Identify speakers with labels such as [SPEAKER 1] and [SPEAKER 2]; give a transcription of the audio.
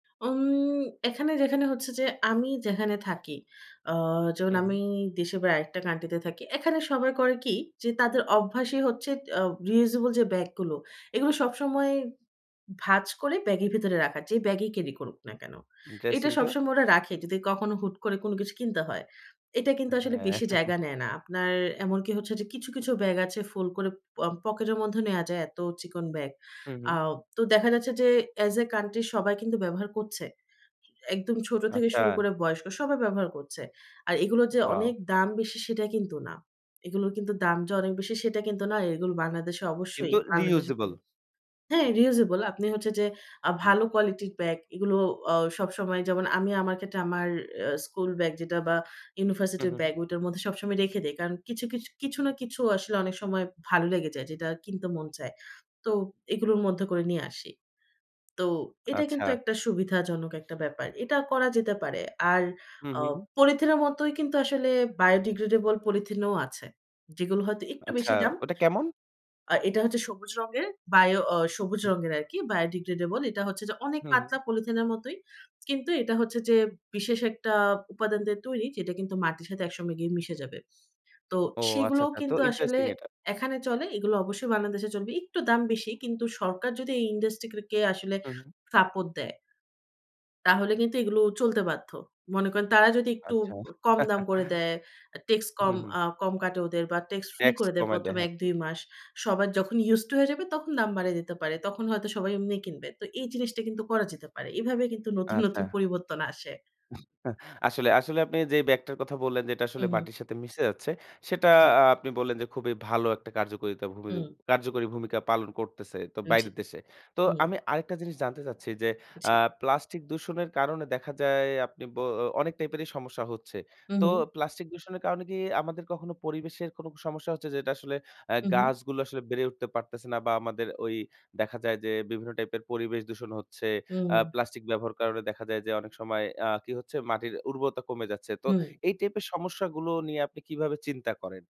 [SPEAKER 1] উম এখানে যেখানে হচ্ছে যে, আমি যেখানে থাকি, আ যেমন
[SPEAKER 2] হু, হুম।
[SPEAKER 1] আমি দেশে বাইরে আরেকটা কান্ট্রিতে থাকি। এখানে সবাই করে কি? যে, তাদের অভ্যাসই হচ্ছে, আ রিউজেবল যে, ব্যাগ গুলো, এগুলো সবসময় ভাঁজ করে ব্যাগের ভেতরে রাখা। যে, ব্যাগেই ক্যারি করুক না কেন। এটা
[SPEAKER 2] ইন্টারেস্টিং তো!
[SPEAKER 1] সবসময় ওরা রাখে, যদি কখনো হুট করে কোন কিছু কিনতে হয়। এটা কিন্তু আসলে
[SPEAKER 2] হ্যাঁ।
[SPEAKER 1] বেশি জায়গা নেয় না। আপনার এমনকি হচ্ছে যে, কিছু, কিছু ব্যাগ আছে, ফোলড করে প পকেটের মধ্যে নেয়া যায়, এত চিকন ব্যাগ।
[SPEAKER 2] হু,
[SPEAKER 1] আ
[SPEAKER 2] হুম।
[SPEAKER 1] তো দেখা যাচ্ছে যে, অ্যাজ এ কান্ট্রি সবাই কিন্তু ব্যবহার করছে। একদম ছোট থেকে শুরু
[SPEAKER 2] আচ্ছা।
[SPEAKER 1] করে বয়স্ক, সবাই ব্যবহার করছে। আর এগুলোর যে,
[SPEAKER 2] ওয়াও!
[SPEAKER 1] অনেক দাম বেশি, সেটা কিন্তু না। এগুলোর কিন্তু দাম যে, অনেক বেশি, সেটা কিন্তু না। এগুলো বাংলাদেশে অবশ্যই
[SPEAKER 2] কিন্তু রি
[SPEAKER 1] বাংলাদেশে
[SPEAKER 2] ইউজেবল।
[SPEAKER 1] হ্যাঁ, রিউজেবল। আপনি হচ্ছে যে, আ
[SPEAKER 2] হুম।
[SPEAKER 1] ভালো কোয়ালিটির ব্যাগ, এগুলো অ সবসময় যেমন, আমি আমার ক্ষেত্রে অ্যা আমার স্কুল ব্যাগ যেটা বা
[SPEAKER 2] হু,
[SPEAKER 1] ইউনিভার্সিটির
[SPEAKER 2] হু, হুম।
[SPEAKER 1] ব্যাগ, ঐ টার মধ্যে সবসময় রেখে দেই। কারণ কিছু, কিছু, কিছু না কিছু আসলে অনেক সময় ভালো লেগে যায়, যেটা কিনতে মন চায়। তো এগুলোর মধ্যে করে নিয়ে আসি। তো এটা
[SPEAKER 2] আচ্ছা।
[SPEAKER 1] কিন্তু একটা সুবিধাজনক একটা ব্যাপার। এটা করা যেতে পারে। আর
[SPEAKER 2] হু,
[SPEAKER 1] অ
[SPEAKER 2] হু, হুম।
[SPEAKER 1] পলিথিন এর মতোই কিন্তু আসলে বায়ো ডিগ্রেডেবল পলিথিনও আছে। যেগুলো হয়তো একটু
[SPEAKER 2] আচ্ছা,
[SPEAKER 1] বেশি দাম
[SPEAKER 2] ওটা কেমন?
[SPEAKER 1] আর এটা হচ্ছে সবুজ রঙের, বায়ো অ সবুজ
[SPEAKER 2] হুম।
[SPEAKER 1] রঙের আরকি, বায়ো ডিগ্রেডেবল। এটা হচ্ছে যে, অনেক
[SPEAKER 2] হু, হুম।
[SPEAKER 1] পাতলা পলিথিনের মতোই। কিন্তু এটা হচ্ছে যে, বিশেষ একটা উপাদান দিয়ে তৈরি, যেটা কিন্তু মাটির সাথে একসঙ্গে গিয়ে মিশে যাবে। তো
[SPEAKER 2] ও! আচ্ছা,
[SPEAKER 1] সেগুলোও
[SPEAKER 2] আচ্ছা। তো
[SPEAKER 1] কিন্তু আসলে
[SPEAKER 2] ইন্টারেস্টিং এটা।
[SPEAKER 1] এখানে চলে। এগুলো অবশ্যই বাংলাদেশে চলবে। একটু দাম বেশি। কিন্তু সরকার যদি এই ইন্ডাস্ট্রি কে আসলে
[SPEAKER 2] হু, হুম।
[SPEAKER 1] সাপোর্ট দেয়, তাহলে কিন্তু এগুলো চলতে বাধ্য। মনে করেন তারা যদি একটু
[SPEAKER 2] আচ্ছা।
[SPEAKER 1] কম দাম করে দেয়, ট্যাক্স
[SPEAKER 2] হু,
[SPEAKER 1] কম
[SPEAKER 2] হুম।
[SPEAKER 1] আ কম কাটে ওদের বা ট্যাক্স ফ্রি
[SPEAKER 2] ট্যাক্স
[SPEAKER 1] করে দেয়
[SPEAKER 2] কমায় দেয়,
[SPEAKER 1] ১ম
[SPEAKER 2] হ্যাঁ।
[SPEAKER 1] ১-২ মাস। সবার যখন ইউস টু হয়ে যাবে, তখন দাম বাড়িয়ে দিতে পারে। তখন হয়তো সবাই এমনি কিনবে। তো এই জিনিসটা কিন্তু করা যেতে পারে। এভাবে কিন্তু নতুন, নতুন
[SPEAKER 2] আচ্ছা।
[SPEAKER 1] পরিবর্তন আসে।
[SPEAKER 2] আসলে, আসলে আপনি যে, ব্যাগটার কথা বললেন যেটা
[SPEAKER 1] হু,
[SPEAKER 2] আসলে
[SPEAKER 1] হুম।
[SPEAKER 2] মাটির সাথে মিশে যাচ্ছে। সেটা
[SPEAKER 1] জি।
[SPEAKER 2] আ আপনি বললেন যে, খুবই ভালো একটা কার্যকরিতা ভূমি
[SPEAKER 1] হুম।
[SPEAKER 2] কার্যকরী ভূমিকা পালন করতেছে। তো
[SPEAKER 1] জি।
[SPEAKER 2] বাইরের দেশে। তো
[SPEAKER 1] হুম।
[SPEAKER 2] আমি আরেকটা জিনিস জানতে চাচ্ছি যে,
[SPEAKER 1] জি।
[SPEAKER 2] আ প্লাস্টিক দূষণের কারণে দেখা যায় আপনি বো অনেক টাইপেরই সমস্যা হচ্ছে।
[SPEAKER 1] হু,
[SPEAKER 2] তো
[SPEAKER 1] হুম।
[SPEAKER 2] প্লাস্টিক দূষণের কারণে কি আমাদের কখনো পরিবেশের কোন সমস্যা হচ্ছে, যেটা আসলে আ
[SPEAKER 1] হু, হুম।
[SPEAKER 2] গাছগুলো আসলে বেড়ে উঠতে পারতেছে না বা আমাদের ওই দেখা যায় যে, বিভিন্ন টাইপের পরিবেশ দূষণ হচ্ছে?
[SPEAKER 1] হুম।
[SPEAKER 2] আ প্লাস্টিক ব্যবহার কারণে দেখা যায় যে, অনেক সময় আ কি হচ্ছে? মাটির উর্বরতা কমে যাচ্ছে। তো
[SPEAKER 1] হুম।
[SPEAKER 2] এই টাইপের সমস্যাগুলো নিয়ে আপনি কিভাবে চিন্তা করেন?